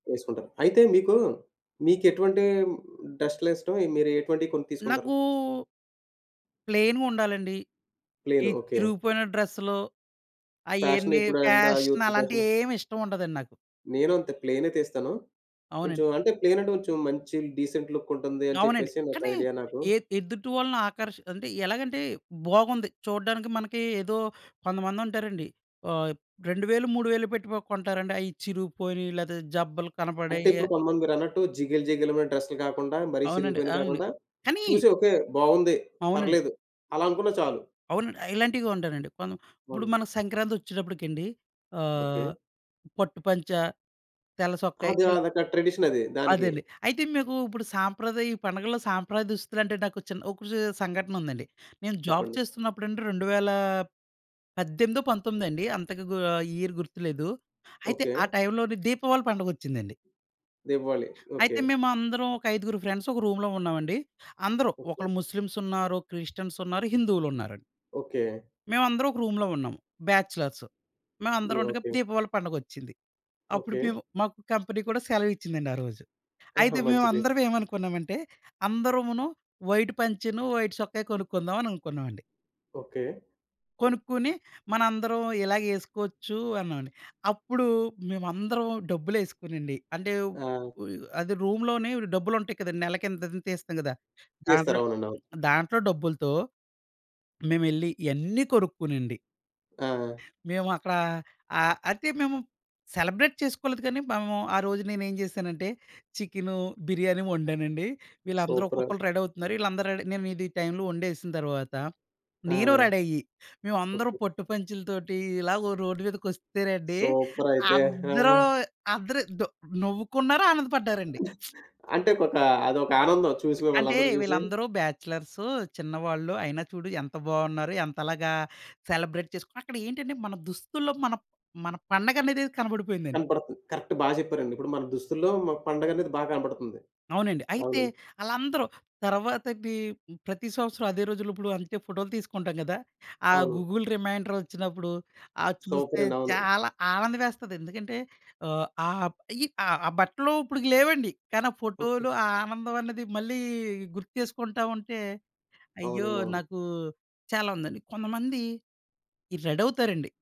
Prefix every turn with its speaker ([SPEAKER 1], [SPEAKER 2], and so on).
[SPEAKER 1] ఏసుకుంటారు. అయితే మీకు మీకేటువంటి హ్మ్. డ్రెసలిష్టం? మీరు ఎటువంటివి కొని తీసుకుంటారు?
[SPEAKER 2] నాకూ ప్లెయిన్‌గుండాలండి. ఈ
[SPEAKER 1] ప్లే‌యిను ఓకే.
[SPEAKER 2] చిరిగిపోయిన డ్రెస్లు
[SPEAKER 1] ఫ్యాషను
[SPEAKER 2] అయన్నీ
[SPEAKER 1] ఇప్పుడు అంతా
[SPEAKER 2] ఫ్యాషన్
[SPEAKER 1] యూత్ ఫ్యాషను.
[SPEAKER 2] అలాంటియేమి ఇష్టముండదండి నాకు.
[SPEAKER 1] నేను అంతే ప్లెయినే తీస్తాను.
[SPEAKER 2] అవునండి.
[SPEAKER 1] కొంచెం అంటే ప్లే‌యినంటే కొంచెం మంచి డీసెంట్ లుక్ ఉంటుంది అని
[SPEAKER 2] అవునండి.
[SPEAKER 1] చెప్పేసి ఒక
[SPEAKER 2] కానీ
[SPEAKER 1] ఐడియా నాకు.
[SPEAKER 2] ఎ ఎదుటి వాళ్ళని ఆకర్షి అంటే ఎలాగంటే బాగుంది. చూడ్డానికి మనకి ఏదో కొంతమంది ఉంటారండి. ఆహ్, 2,000, 3,000 పెట్టి పొ కొంటారండి అయి చిరుగుపోయినియి లేతే జబ్బలు
[SPEAKER 1] అంటే
[SPEAKER 2] కనపడెయి.
[SPEAKER 1] ఇప్పుడు కొంతమంది మీరన్నట్టు జిగేల్ జిగేల్ మనీ డ్రెస్లు గాకుండా, మరీ
[SPEAKER 2] అవునండి.
[SPEAKER 1] చిరిగిపోయినియి
[SPEAKER 2] అవునండి.
[SPEAKER 1] గాకుండా
[SPEAKER 2] కానీ
[SPEAKER 1] చూసి ఓకే. బావుంది.
[SPEAKER 2] అవునండీ.
[SPEAKER 1] పర్లేదు అలా అనుకున్నా చాలు.
[SPEAKER 2] అవునండి. ఇలాంటివి కొంటానండి. కొను ఇప్పుడు
[SPEAKER 1] అవును.
[SPEAKER 2] మనకి సంక్రాంతొచ్చేటప్పటికండి
[SPEAKER 1] ఓకే.
[SPEAKER 2] ఆహ్, పట్టు పంచా, తెల్లసొక్కయి
[SPEAKER 1] అది
[SPEAKER 2] ఇలా.
[SPEAKER 1] అదొక ట్రెడిషనది దానికి.
[SPEAKER 2] అదండి. అయితే మీకు ఇప్పుడు సాంప్రదాయ ఈ పండుగల్లో సాంప్రదాయ దుస్తులంటే నాకు చిన్న ఒక సే సంఘటనుందండి. నేను జాబ్
[SPEAKER 1] చెప్పండి.
[SPEAKER 2] చేస్తున్నప్పుడండి రెండువేల పద్దెనిమిదో పంతొమ్మిదో అండి అంతగా గూ ఆ ఇయర్ గుర్తులేదు. అయితే
[SPEAKER 1] ఓకే.
[SPEAKER 2] ఆ టైమ్‌లోనే దీపావళి పండుగొచ్చిందండి.
[SPEAKER 1] దీపావళి
[SPEAKER 2] అయితే
[SPEAKER 1] ఓకే.
[SPEAKER 2] మేమందరం ఒక ఐదుగురు ఫ్రెండ్స్ ఒక రూమ్‌లో ఉన్నామండి. అందరూ
[SPEAKER 1] ఓకే.
[SPEAKER 2] ఒకళ్ళు ముస్లిమ్స్ ఉన్నారు, క్రిస్టియన్స్ ఉన్నారు, హిందువులున్నారండి.
[SPEAKER 1] ఓకే.
[SPEAKER 2] మేమందరం ఒక రూమ్‌లో ఉన్నాం బ్యాచ్‌లర్సు. మేమందరం
[SPEAKER 1] ఇయి
[SPEAKER 2] ఉండగా
[SPEAKER 1] ఓకే.
[SPEAKER 2] దీపావళి పండుగొచ్చింది. అప్పుడు
[SPEAKER 1] ఓకే.
[SPEAKER 2] మేము మాకు కంపెనీ కూడా సెలవిచ్చిందండి ఆ రోజు.
[SPEAKER 1] ఆహా!
[SPEAKER 2] అయితే
[SPEAKER 1] మంచిది.
[SPEAKER 2] మేమందరం ఏమనుకున్నామంటే అందరమును వైట్ పంచెను, వైట్ సొక్కయి కొనుక్కుందామని అనుకున్నామండి.
[SPEAKER 1] ఓకే.
[SPEAKER 2] కొనుక్కొని మనందరం ఇలాగేసుకోవచ్చు అన్నామండి. అప్పుడు మేమందరం డబ్బులేసుకోనండి అంటే
[SPEAKER 1] ఆ!
[SPEAKER 2] ఉ యహ్! అది రూమ్‌లోనే డబ్బులుంటాయి కదండీ. నెలకి ఇంతింత తిస్తాం గదా!
[SPEAKER 1] చేస్తారు.
[SPEAKER 2] దాంట్లో
[SPEAKER 1] అవునండి. అవును.
[SPEAKER 2] దాంట్లో డబ్బులతో మేమెళ్ళి ఇయన్ని కొనుక్కునండి...
[SPEAKER 1] ఆ!
[SPEAKER 2] మేమక్కడా ఆహ్, అయితే మేము సెలబ్రేట్ చేసుకోలేదు గానీ మేము ఆ రోజు నేనేం జేశానంటే చికెను, బిర్యానీ వండానండి. వీళ్ళందరూ
[SPEAKER 1] సూపరు.
[SPEAKER 2] ఒక్కొక్కళ్ళు రెడీవుతున్నారు. వీళ్ళందరూ రెడీ నేనిది టైమ్‌లో వండేసిన తర్వాత
[SPEAKER 1] ఆ!
[SPEAKER 2] నేను రెడయ్యి. మేమందరం
[SPEAKER 1] ఓకే.
[SPEAKER 2] పట్టు పంచలతోటి ఇలాగ రోడ్డు మీదకొస్తేనండి
[SPEAKER 1] సూపరయితే ఆ!
[SPEAKER 2] అందరూ అందరూ దొ నవ్వుకున్నారు ఆనందపడ్డారండి.
[SPEAKER 1] అంటే ఒకొక అదొక ఆనందం చూసి
[SPEAKER 2] అంటే
[SPEAKER 1] మిమ్మళ్ళందరూ చూసి.
[SPEAKER 2] వీళ్ళందరూ బ్యాచలర్సు చిన్నవాళ్ళు అయినా చూడు ఎంత బావున్నారు? ఎంతలాగా సెలబ్రేట్ చేసుకున్నారు? అక్కడెంటంటే మన దుస్తుల్లో మన మన పండగనేది కనబపడిపోయిందండి.
[SPEAKER 1] కనపడుతంది. కరెక్ట్ బా చెప్పారండి. ఇప్పుడు మన దుస్తుల్లో మా పండగ అనేది బా కనపడుతుంది.
[SPEAKER 2] అవునండి. అయితే
[SPEAKER 1] అవునా?
[SPEAKER 2] ఆళ్ళందరూ తర్వాతకి ప్రతి సంవత్సరం అదే రోజుల్లో ఇప్పుడు అంతే ఫోటోలు తీసుకుంటాం గదా! ఆ
[SPEAKER 1] అవును.
[SPEAKER 2] గూగుల్ రిమైండరొచ్చినప్పుడు ఆ చూస్తే
[SPEAKER 1] సూపరండి. అవును.
[SPEAKER 2] చాలా ఆనందమేస్తది. ఎందుకంటే ఆహ్, ఆ! ఈ ఆ బట్టలు ఇప్పుడిక లేవండి. కానీ ఆ
[SPEAKER 1] ఓకే.
[SPEAKER 2] ఫోటోలు ఆ ఆనందం అన్నది మళ్ళీ గుర్తు చేసుకుంటా ఉంటే అయ్యో!
[SPEAKER 1] అవునండి. అవును.
[SPEAKER 2] నాకు చాలా ఉందండి. కొంతమంది ఈ రెడవుతారండి.